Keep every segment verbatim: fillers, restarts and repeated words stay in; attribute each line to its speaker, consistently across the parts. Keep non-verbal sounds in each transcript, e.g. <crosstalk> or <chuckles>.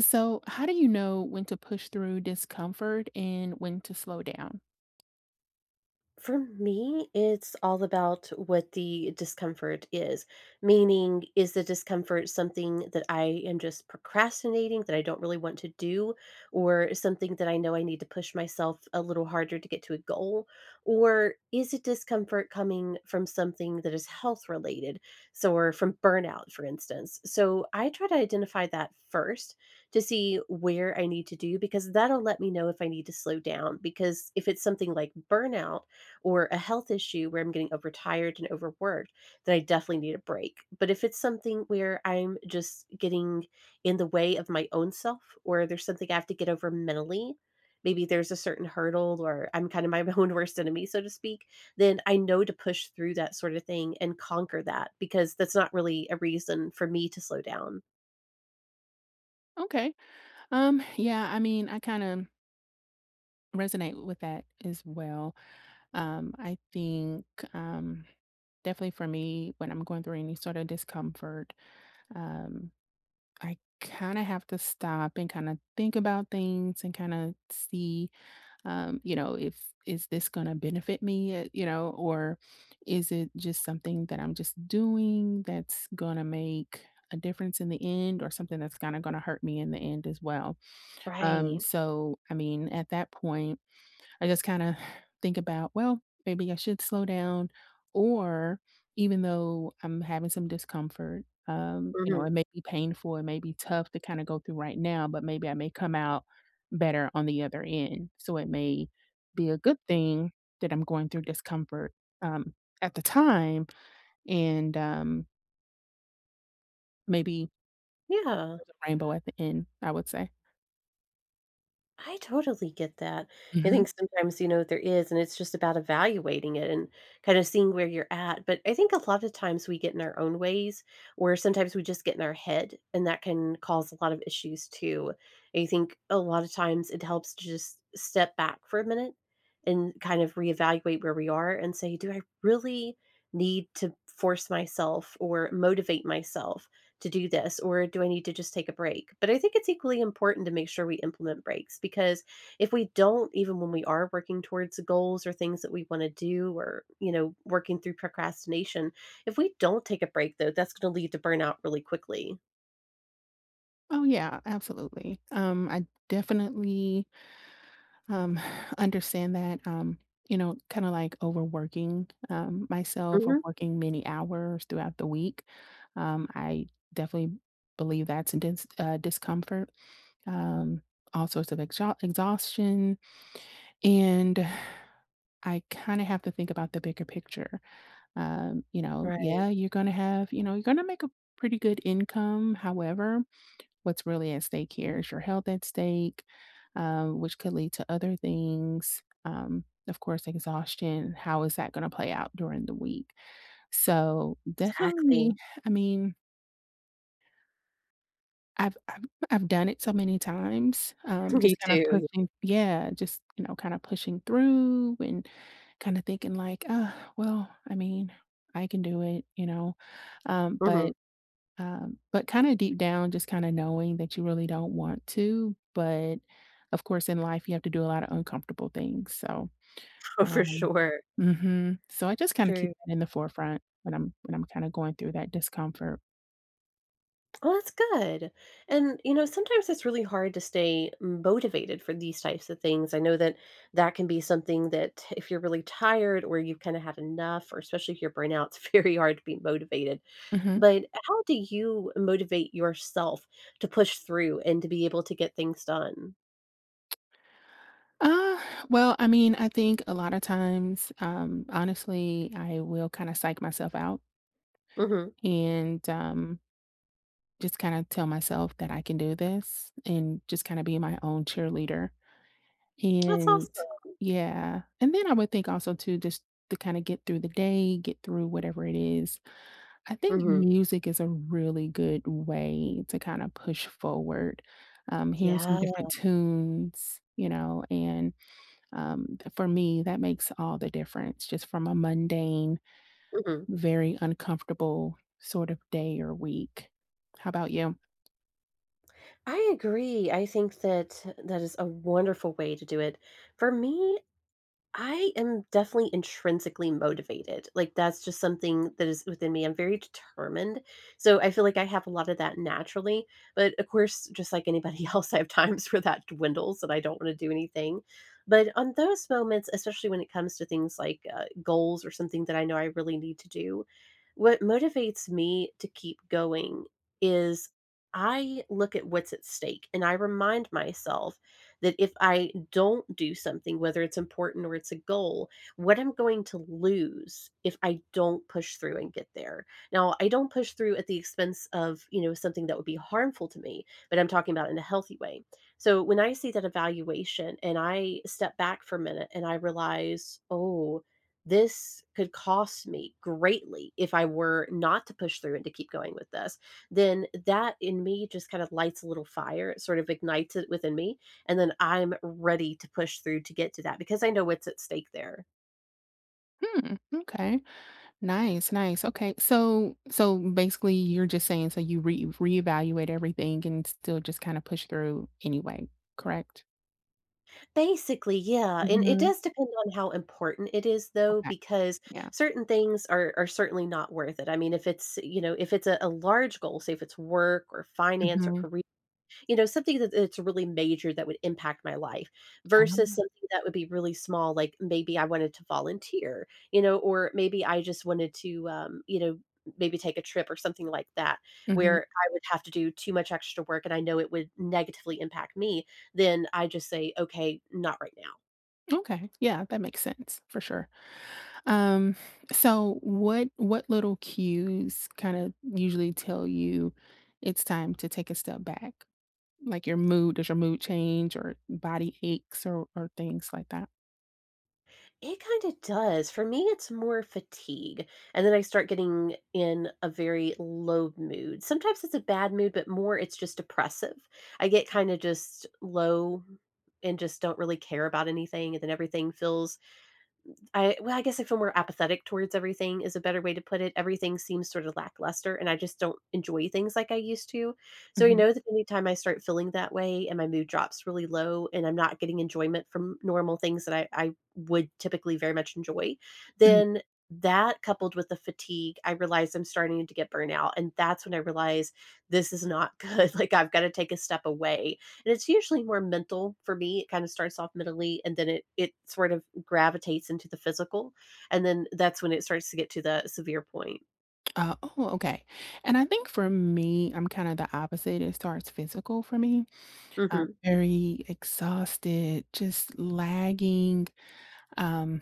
Speaker 1: So, how do you know when to push through discomfort and when to slow down?
Speaker 2: For me, it's all about what the discomfort is. Meaning, is the discomfort something that I am just procrastinating that I don't really want to do, or something that I know I need to push myself a little harder to get to a goal, or is it discomfort coming from something that is health-related? So or from burnout, for instance. So, I try to identify that first to see where I need to do because that'll let me know if I need to slow down, because if it's something like burnout or a health issue where I'm getting overtired and overworked, then I definitely need a break. But if it's something where I'm just getting in the way of my own self or there's something I have to get over mentally, maybe there's a certain hurdle or I'm kinda my my own worst enemy, so to speak, then I know to push through that sort of thing and conquer that because that's not really a reason for me to slow down.
Speaker 1: Okay. Um, yeah, I mean, I kinda resonate with that as well. Um, I think, um, definitely for me, when I'm going through any sort of discomfort, um, I kinda have to stop and kinda think about things and kinda see, um, you know, if "Is this gonna benefit me," eh, you know, or "Is it just something that I'm just doing that's gonna make a difference in the end or something that's kinda gonna hurt me in the end as well?" Um,
Speaker 2: Right.
Speaker 1: so, I mean, at that point, I just kinda <sighs> think about, "Well, maybe I should slow down," or even though I'm having some discomfort, um, you know,
Speaker 2: Mhm.
Speaker 1: it may be painful. It may be tough to kinda go through right now, but maybe I may come out better on the other end, so it may be a good thing that I'm going through discomfort, um, at the time and, um maybe
Speaker 2: Yeah.
Speaker 1: there's a rainbow at the end, I would say.
Speaker 2: I totally get that. I
Speaker 1: Mhm.
Speaker 2: think sometimes, you know, there is, and it's just about evaluating it and kinda seeing where you're at. But I think a lotta times we get in our own ways or sometimes we just get in our head, and that can cause a lot of issues too. I think a lotta times it helps to just step back for a minute and kind of reevaluate where we are and say, "Do I really need to force myself or motivate myself to do this, or do I need to just take a break?" But I think it's equally important to make sure we implement breaks, because if we don't, even when we are working towards a goals or things that we wanna do or, you know, working through procrastination, if we don't take a break, though, that's gonna lead to burnout really quickly.
Speaker 1: Oh, yeah. Absolutely. Um, I definitely um, <exhales> understand that, um, you know, kinda like overworking, um, myself or
Speaker 2: Mhm.
Speaker 1: working many hours throughout the week, um, I definitely believe that's a dense uh, discomfort, um, all sorts of exhau exhaustion, and <exhales> I kinda have to think about the bigger picture. Um, you know,
Speaker 2: Right.
Speaker 1: yeah, you're gonna have you know, you're gonna make a pretty good income, however, what's really at stake here? Is your health at stake, uh, which could lead to other things? Um, of course, exhaustion. How is that gonna play out during the week? So, definitely,
Speaker 2: Exactly.
Speaker 1: I mean I've I'm I've done it so many times, um,
Speaker 2: <chuckles> Me
Speaker 1: just kinda
Speaker 2: too.
Speaker 1: pushing Yeah, just, you know, kinda pushing through and kinda thinking like, "Uh, well," I mean, "I can do it," you know? Um, but,
Speaker 2: Mhm.
Speaker 1: um, but kinda deep down, just kinda knowing that you really don't want to, but, of course, in life, you have to do a lotta uncomfortable things. So,
Speaker 2: Oh, for
Speaker 1: um
Speaker 2: sure.
Speaker 1: Mhm. So I just kinda keep
Speaker 2: True.
Speaker 1: that in the forefront when I'm when I'm kinda going through that discomfort.
Speaker 2: Oh, that's good, and, you know, sometimes it's really hard to stay motivated for these types of things, I know that that can be something that if you're really tired or you kinda have enough or especially if you're burnt out, it's very hard to be motivated,
Speaker 1: Mhm.
Speaker 2: but how do you motivate yourself to push through and to be able to get things done?
Speaker 1: <smacks lips> Uh, well, I mean, I think a lot of times, um, honestly, I will kinda psych myself out
Speaker 2: Mhm.
Speaker 1: and, um just kinda tell myself that I can do this and just kinda be my own cheerleader.
Speaker 2: That's
Speaker 1: And
Speaker 2: awesome.
Speaker 1: Yeah, and then I would think also too just to kinda get through the day, get through whatever it is, I think
Speaker 2: Mhm.
Speaker 1: music is a really good way to kinda push forward, um, hearing some
Speaker 2: Yeah.
Speaker 1: different tunes, you know, and, um, for me, that makes all the difference, just from a mundane,
Speaker 2: Mhm.
Speaker 1: very uncomfortable sort of day or week. How 'bout you?
Speaker 2: I agree. I think that that is a wonderful way to do it. For me, I am definitely intrinsically motivated, like, that's just something that is within me, I'm very determined. So, I feel like I have a lot of that naturally, but, of course, just like anybody else, I have times where that dwindles that I don't wanna do anything, but on those moments, especially when it comes to things like, uh, goals or something that I know I really need to do, what motivates me to keep going is I look at what's at stake, and I remind myself that if I don't do something, whether it's important or it's a goal, what I'm going to lose if I don't push through and get there. Now I don't push through at the expense of, you know, something that would be harmful to me, but I'm talking about in a healthy way. So when I see that evaluation and I step back for a minute and I realize, "Oh, this could cost me greatly if I were not to push through and to keep going with this," then that in me just kind of lights a little fire, it sort of ignites it within me, and then I'm ready to push through to get to that, because I know what's at stake there.
Speaker 1: Hmm, m'kay. Nice, nice. Okay, so so, basically, you're just saying so you re reevaluate everything and still just kinda push through anyway, correct?
Speaker 2: Basically, yeah, and it
Speaker 1: Mhm.
Speaker 2: does depend on how important it is, though,
Speaker 1: Okay.
Speaker 2: because
Speaker 1: Yeah.
Speaker 2: certain things are are certainly not worth it. I mean, if it's, you know, if it's a a large goal, say if it's work or finance or
Speaker 1: Mhm.
Speaker 2: caree you know, something that it it's really major that would impact my life versus
Speaker 1: Um
Speaker 2: something that would be really small, like, maybe I wanted to volunteer, you know, or maybe I just wanted to, um, you know, n maybe take a trip or something like that
Speaker 1: Mhm.
Speaker 2: where I would have to do too much extra work and I know it would negatively impact me, then I'd just say, "Okay, not right now."
Speaker 1: Okay. Yeah, that makes sense, for sure. Um, so what what little cues kinda usually tell you it's time to take a step back? Like your mood, does your mood change or body aches or or things like that?
Speaker 2: It kinda does. For me, it's more fatigue, and then I start getting in a very low mood. Sometimes it's a bad mood, but more it's just depressive. I get kinda just low and just don't really care about anything, and then everything feels I well, I guess I feel more apathetic towards everything is a better way to put it. Everything seems sort of lackluster, and I just don't enjoy things like I used to. So, you
Speaker 1: Mhm.
Speaker 2: know that anytime I start feeling that way and my mood drops really low and I'm not getting enjoyment from normal things that I I would typically very much enjoy,
Speaker 1: Mm.
Speaker 2: then that coupled with the fatigue, I realized I'm starting to get burned out, and that's when I realized this is not good, like, I've gotta take a step away, and it's usually more mental for me. It kinda starts off mentally, and then it it sort of gravitates into the physical, and then that's when it starts to get to the severe point.
Speaker 1: Oh, oh, okay. And I think for me, I'm kinda the opposite. It starts physical for me. Uh,
Speaker 2: Mhm.
Speaker 1: very exhausted, just lagging, um,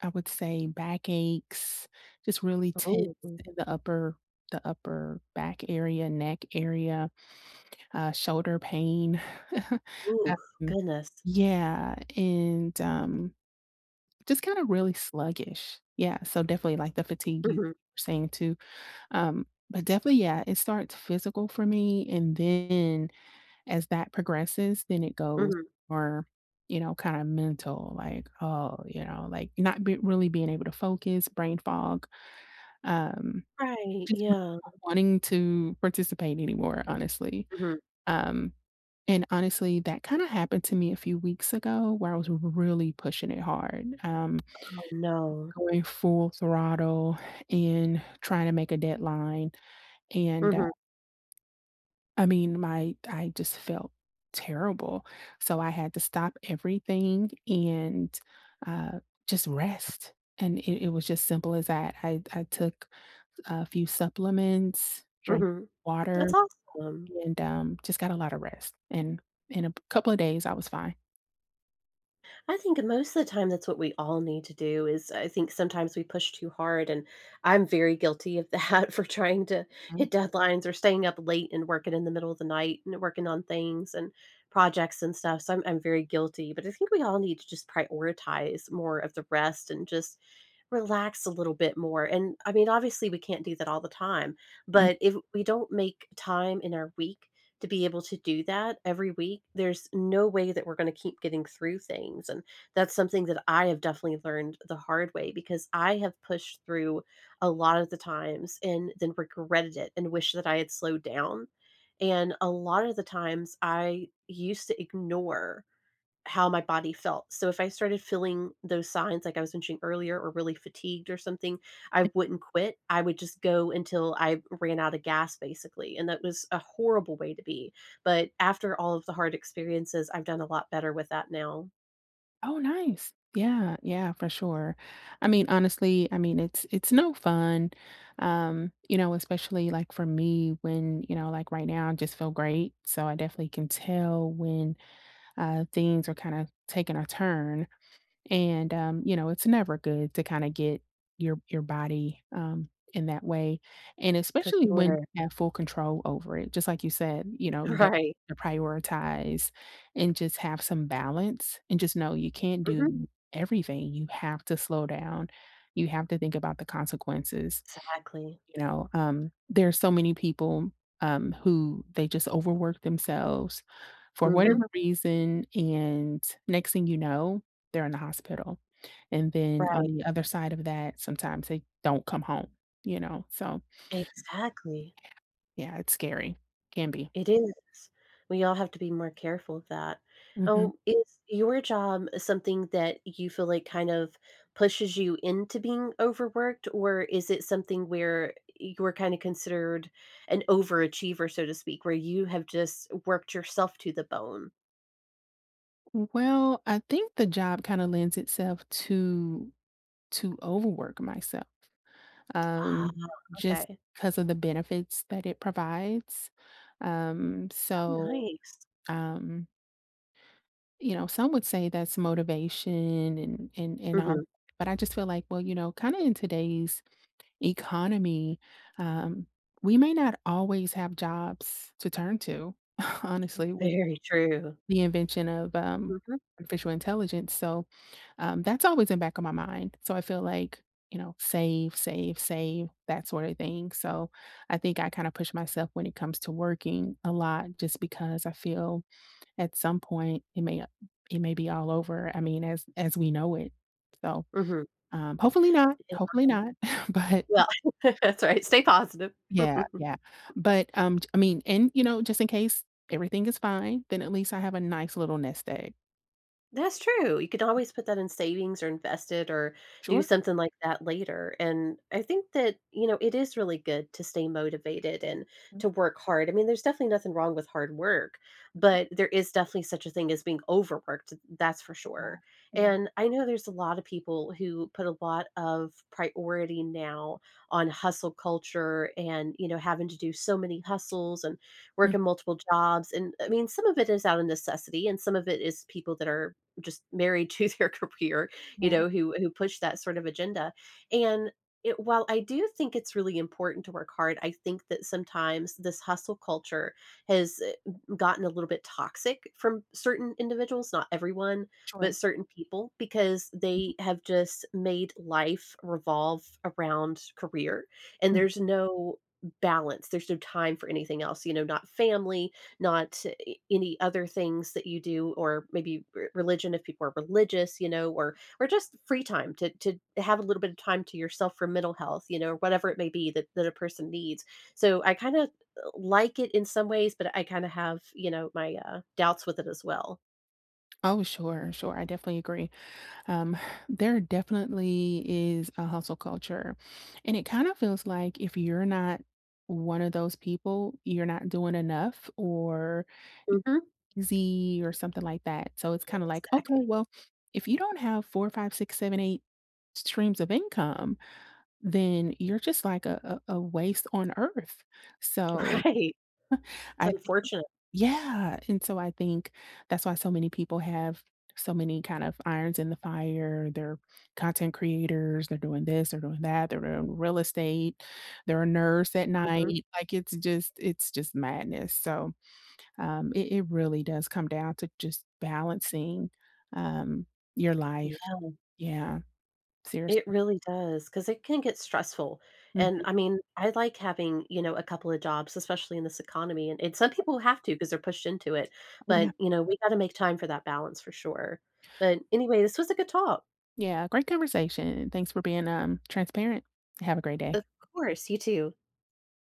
Speaker 1: I would say backaches, just really tense
Speaker 2: Oh.
Speaker 1: in the upper the upper back area, neck area, uh, shoulder pain. <chuckles>
Speaker 2: Ooh,
Speaker 1: Um,
Speaker 2: goodness.
Speaker 1: yeah, and, um, just kinda really sluggish. Yeah, so definitely, like, the fatigue you
Speaker 2: Mhm.
Speaker 1: saying too. Um, but definitely, yeah, it starts physical for me, and then as that progresses, then it goes
Speaker 2: Mhm.
Speaker 1: more, you know, kinda mental, like, oh, you know, like, not be really being able to focus, brain fog, um,
Speaker 2: Right,
Speaker 1: just really
Speaker 2: yeah.
Speaker 1: not wanting to participate anymore, honestly.
Speaker 2: Mhm.
Speaker 1: Um, and, honestly, that kinda happened to me a few weeks ago where I was r r really pushing it hard, um,
Speaker 2: Oh, no.
Speaker 1: just going full throttle and trying to make a deadline, and, uh
Speaker 2: Mhm.
Speaker 1: I mean, my I just felt terrible, so I had to stop everything and, uh, just rest, and it it was just simple as that. I d I took a few supplements, drank
Speaker 2: Mhm. That's
Speaker 1: water,
Speaker 2: awesome.
Speaker 1: and, um, just got a lotta rest, and in a p couple of days, I was fine.
Speaker 2: I think most of the time that's what we all need to do is uh, I think sometimes we push too hard, and I'm very guilty of that for trying to
Speaker 1: Mm.
Speaker 2: hit deadlines or staying up late, and working in the middle of the night, and working on things and projects and stuff, so I'm I'm very guilty, but I think we all need to just prioritize more of the rest and just relax a little bit more, and, I mean, obviously, we can't do that all the time,
Speaker 1: Mm
Speaker 2: but if we don't make time in our week to be able to do that every week, there's no way that we're gonna keep getting through things, and that's something that I have definitely learned the hard way because I have pushed through a lotta the times and then regretted it and wished that I had slowed down and a lotta the times, I used to ignore how my body felt. So, if I started feeling those signs, like I was mentioning earlier or really fatigued or something, I wouldn't quit, I would just go until I ran outta gas, basically, and that was a horrible way to be. But after all of the hard experiences, I've done a lot better with that now.
Speaker 1: Oh, nice. Yeah, yeah, for sure. I mean, honestly, I mean, it's it's no fun, um, you know, especially, like, for me when, you know, like, right now, I just feel great, so I definitely can tell when, uh, things are kinda taking a turn. And, um, you know, it's never good to kinda get your your body, um, in that way. And
Speaker 2: For
Speaker 1: especially when
Speaker 2: sure.
Speaker 1: you have full control over it, just like you said, you know, you d
Speaker 2: Right.
Speaker 1: prioritize and just have some balance and just know you can't
Speaker 2: Mhm.
Speaker 1: do everything; you have to slow down, you have to think about the consequences,
Speaker 2: Exactly.
Speaker 1: you know? Um, there's so many people, um, who they just overwork themselves for
Speaker 2: Mhm.
Speaker 1: whatever reason, and next thing you know, they're in the hospital. And then on
Speaker 2: Right.
Speaker 1: the other side of that, sometimes they don't come home, you know? So
Speaker 2: Exactly.
Speaker 1: yeah. Yeah, it's scary. Can be.
Speaker 2: It is. We all have to be more careful of that.
Speaker 1: Mhm.
Speaker 2: Oh, is your job something that you feel like kind of pushes you into being overworked, or is it something where you were kinda considered an overachiever, so to speak, where you have just worked yourself to the bone?
Speaker 1: W well, I think the job kinda lends itself to to overwork myself,
Speaker 2: Ah,
Speaker 1: um, just
Speaker 2: okay.
Speaker 1: 'cause of the benefits that it provides, um,
Speaker 2: Oh,
Speaker 1: so,
Speaker 2: nice.
Speaker 1: um you know, some would say that's motivation and and and all,
Speaker 2: Mhm.
Speaker 1: but I just feel like, well, you know, kinda in today's economy, um, we may not always have jobs to turn to, <scoffs> honestly, with
Speaker 2: Very true.
Speaker 1: the invention of, um,
Speaker 2: Mhm.
Speaker 1: artificial intelligence, so, um, that's always in back of my mind. So, I feel like, you know, save, save, save, that sort of thing. So, I think I kinda push myself when it comes to working a lot just because I feel at some point, it may not it may be all over, I mean, as as we know it. So,
Speaker 2: Mhm.
Speaker 1: um, hopefully not,
Speaker 2: It
Speaker 1: hopefully
Speaker 2: might.
Speaker 1: not, <chuckles> but
Speaker 2: Well, <laughs> that's right, stay positive.
Speaker 1: Yeah,
Speaker 2: <chuckles>
Speaker 1: yeah. But, um, t I mean, and, you know, just in case everything is fine, then at least I have a nice little nest egg.
Speaker 2: That's true, you could always put that in savings or invest it or do
Speaker 1: Sure.
Speaker 2: something like that later, and I think that, you know, it is really good to stay motivated and
Speaker 1: Mm.
Speaker 2: to work hard. I mean, there's definitely nothing wrong with hard work,
Speaker 1: Mhm.
Speaker 2: but there is definitely such a thing as being overworked, th that's for
Speaker 1: Yeah.
Speaker 2: sure.
Speaker 1: Yeah.
Speaker 2: And I know there's a lotta people who put a lot of priority now on hustle culture and, you know, having to do so many hustles and work
Speaker 1: <chuckles>
Speaker 2: in multiple jobs, and, I mean, some of it is out of necessity, and some of it is people that are just married to their career, you
Speaker 1: Yeah.
Speaker 2: know, who who push that sort of agenda and it while I do think it's really important to work hard, I think that sometimes this hustle culture has, eh, g gotten a little bit toxic from certain individuals, not everyone,
Speaker 1: Sure.
Speaker 2: but certain people because
Speaker 1: Mhm.
Speaker 2: they have just made life revolve around career, and
Speaker 1: Mm.
Speaker 2: there's no balance, there's no time for anything else, you know, not family, not, eh, any other things that you do, or maybe r religion if people are religious, you know, or or just free time to to have a little bit of time to yourself for mental health, you know, whatever it may be that that a person needs.
Speaker 1: M
Speaker 2: So, I kinda l like it in some ways, but I kinda have, you know, my, uh, doubts with it as well.
Speaker 1: Oh, sure, sure, I definitely agree, um, there definitely is a hustle culture, and it kinda feels like if you're not one of those people, you're not doing enough or
Speaker 2: Mhm.
Speaker 1: X Z or something like that, so it's kinda like, "Okay,
Speaker 2: Exactly.
Speaker 1: well, if you don't have four, five, six, seven, eight streams of income, then you're just like a a a waste on earth. So
Speaker 2: Right.
Speaker 1: <chuckles>
Speaker 2: It's
Speaker 1: I think
Speaker 2: unfortunate.
Speaker 1: yeah, and so I think that's why so many people have so many, kind of, irons in the fire, they're content creators, they're doing this, they're doing that, they're in real estate, they're a nurse at
Speaker 2: Mhm.
Speaker 1: night, like, it's just it's just madness, so, um, it it really does come down to just balancing, um, your life.
Speaker 2: Yeah.
Speaker 1: Yeah.
Speaker 2: It
Speaker 1: Seriously.
Speaker 2: really does, 'cause it can get stressful, and,
Speaker 1: Mhm.
Speaker 2: I mean, I like having, you know, a couple of jobs, especially in this economy, a and some
Speaker 1: Sure.
Speaker 2: people have to 'cause they're pushed into it,
Speaker 1: Oh,
Speaker 2: but,
Speaker 1: yeah.
Speaker 2: you know, we gotta make time for that balance for sure. But, anyway, this was a good talk.
Speaker 1: Yeah, great conversation, and thanks for being, um, transparent. Have a great day.
Speaker 2: Of course, you too.